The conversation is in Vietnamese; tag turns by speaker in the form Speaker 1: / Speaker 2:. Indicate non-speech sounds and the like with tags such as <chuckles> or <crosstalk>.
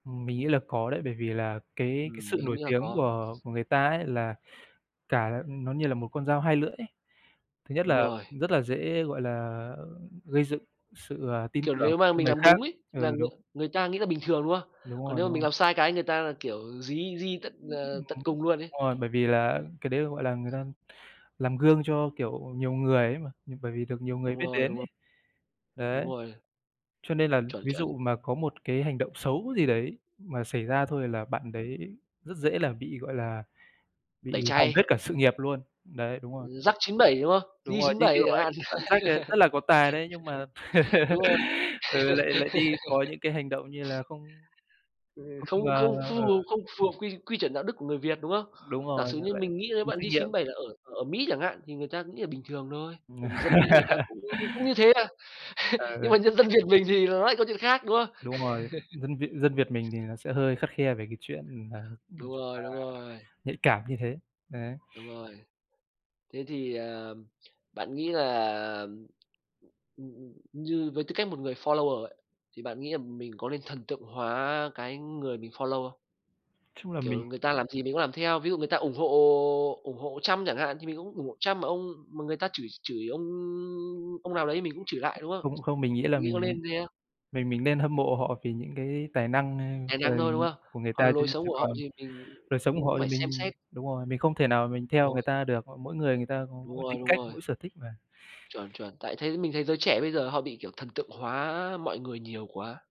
Speaker 1: Mình nghĩ là có đấy. Bởi vì là cái cái
Speaker 2: Ừm,
Speaker 1: sự
Speaker 2: mình cũng
Speaker 1: nổi
Speaker 2: nghĩ là
Speaker 1: tiếng
Speaker 2: có.
Speaker 1: của của người ta ấy, là cả nó như là một con dao hai lưỡi ấy. Thứ nhất
Speaker 2: Đúng
Speaker 1: là
Speaker 2: rồi.
Speaker 1: rất là dễ, gọi là, ơ, gây dựng sự, ờ, tin
Speaker 2: Kiểu
Speaker 1: tưởng
Speaker 2: nếu mà
Speaker 1: cho
Speaker 2: mình
Speaker 1: người
Speaker 2: làm
Speaker 1: khác.
Speaker 2: đúng ấy, thì
Speaker 1: Ừ,
Speaker 2: là ng
Speaker 1: đúng.
Speaker 2: người ta nghĩ là bình thường, đúng không?
Speaker 1: Đúng
Speaker 2: Còn
Speaker 1: rồi,
Speaker 2: nếu
Speaker 1: đúng
Speaker 2: mà mình
Speaker 1: rồi.
Speaker 2: làm sai cái, người ta là, kiểu, dí dí tận, ờ, tận
Speaker 1: <unintelligible>
Speaker 2: cùng luôn ấy.
Speaker 1: Rồi, bởi vì là cái đấy, gọi là, người ta làm gương cho, kiểu, nhiều người ấy mà, bởi vì được nhiều người
Speaker 2: Đúng
Speaker 1: biết
Speaker 2: rồi,
Speaker 1: đến
Speaker 2: đúng rồi.
Speaker 1: ấy.
Speaker 2: Đúng
Speaker 1: Đấy.
Speaker 2: rồi.
Speaker 1: Cho nên là
Speaker 2: Chuẩn,
Speaker 1: ví
Speaker 2: chuẩn.
Speaker 1: dụ mà có một cái hành động xấu gì đấy mà xảy ra thôi, là bạn
Speaker 2: Ừm.
Speaker 1: đấy rất dễ là bị, gọi là,
Speaker 2: Tẩy
Speaker 1: bị hỏng hết
Speaker 2: chay.
Speaker 1: cả sự nghiệp luôn. Đấy, đúng rồi.
Speaker 2: Jack 97, đúng không?
Speaker 1: Đúng rồi, như
Speaker 2: J97
Speaker 1: kiểu
Speaker 2: chẳng
Speaker 1: ấy,
Speaker 2: hạn.
Speaker 1: bạn Jack ấy rất là có tài đấy. Nhưng mà,
Speaker 2: <laughs> Đúng
Speaker 1: <laughs>
Speaker 2: rồi.
Speaker 1: ừ, lại lại đi có
Speaker 2: <laughs>
Speaker 1: những cái hành động như là không
Speaker 2: Ờ,
Speaker 1: không,
Speaker 2: không
Speaker 1: ờ
Speaker 2: không
Speaker 1: ừ.
Speaker 2: phù không phù hợp quy quy chuẩn đạo đức của người Việt, đúng không?
Speaker 1: Đúng
Speaker 2: Giả
Speaker 1: rồi,
Speaker 2: sử như
Speaker 1: lại
Speaker 2: mình nghĩ nếu
Speaker 1: vô
Speaker 2: bạn
Speaker 1: trách nhiệm.
Speaker 2: J97 là ở ở Mỹ chẳng hạn, thì người ta nghĩ là bình thường thôi. Bởi vì dân Mỹ người ta
Speaker 1: <laughs>
Speaker 2: cũng cũng như thế à. <chuckles> Nhưng
Speaker 1: Ừ.
Speaker 2: mà nhân dân Việt mình thì nó lại câu chuyện khác, đúng không?
Speaker 1: Đúng rồi, dân Việt dân Việt mình thì
Speaker 2: <chuckles>
Speaker 1: nó sẽ hơi khắt khe về cái chuyện là, nói
Speaker 2: Đúng
Speaker 1: chung
Speaker 2: rồi,
Speaker 1: là,
Speaker 2: đúng rồi.
Speaker 1: nhạy cảm như thế, đấy.
Speaker 2: Đúng rồi. Thế thì, à, bạn nghĩ là, ừm, ừm, ừm, như với tư cách một người follower ấy, thì bạn nghĩ là mình có nên thần tượng hóa cái người mình follow không?
Speaker 1: Chung là
Speaker 2: Kiểu
Speaker 1: mình
Speaker 2: người ta làm gì mình cũng làm theo. Ví dụ người ta ủng hộ ủng hộ Trump chẳng hạn, thì mình cũng ủng hộ Trump, mà ông mà người ta chửi chửi ông ông nào đấy mình cũng chửi lại, đúng không?
Speaker 1: Không, không, mình nghĩ là
Speaker 2: Nghĩ có
Speaker 1: mình
Speaker 2: nên thế không?
Speaker 1: mình mình nên hâm mộ họ vì những cái tài năng,
Speaker 2: Tài
Speaker 1: ơ, ờ,
Speaker 2: năng thôi, đúng không?
Speaker 1: của người ta.
Speaker 2: Còn
Speaker 1: Chứ
Speaker 2: lối sống
Speaker 1: chứ
Speaker 2: của họ
Speaker 1: còn
Speaker 2: thì mình
Speaker 1: đời sống của
Speaker 2: cũng
Speaker 1: họ thì
Speaker 2: phải xem
Speaker 1: mình
Speaker 2: xét.
Speaker 1: đúng rồi, mình không thể nào mình theo người
Speaker 2: <unintelligible>
Speaker 1: ta được, ờ, mỗi người người ta có
Speaker 2: Đúng
Speaker 1: mỗi
Speaker 2: rồi,
Speaker 1: tính
Speaker 2: đúng
Speaker 1: cách,
Speaker 2: rồi.
Speaker 1: mỗi sở thích mà.
Speaker 2: Chuẩn, chuẩn. Tại thấy mình thấy giới trẻ bây giờ họ bị, kiểu, thần tượng hóa mọi người nhiều quá.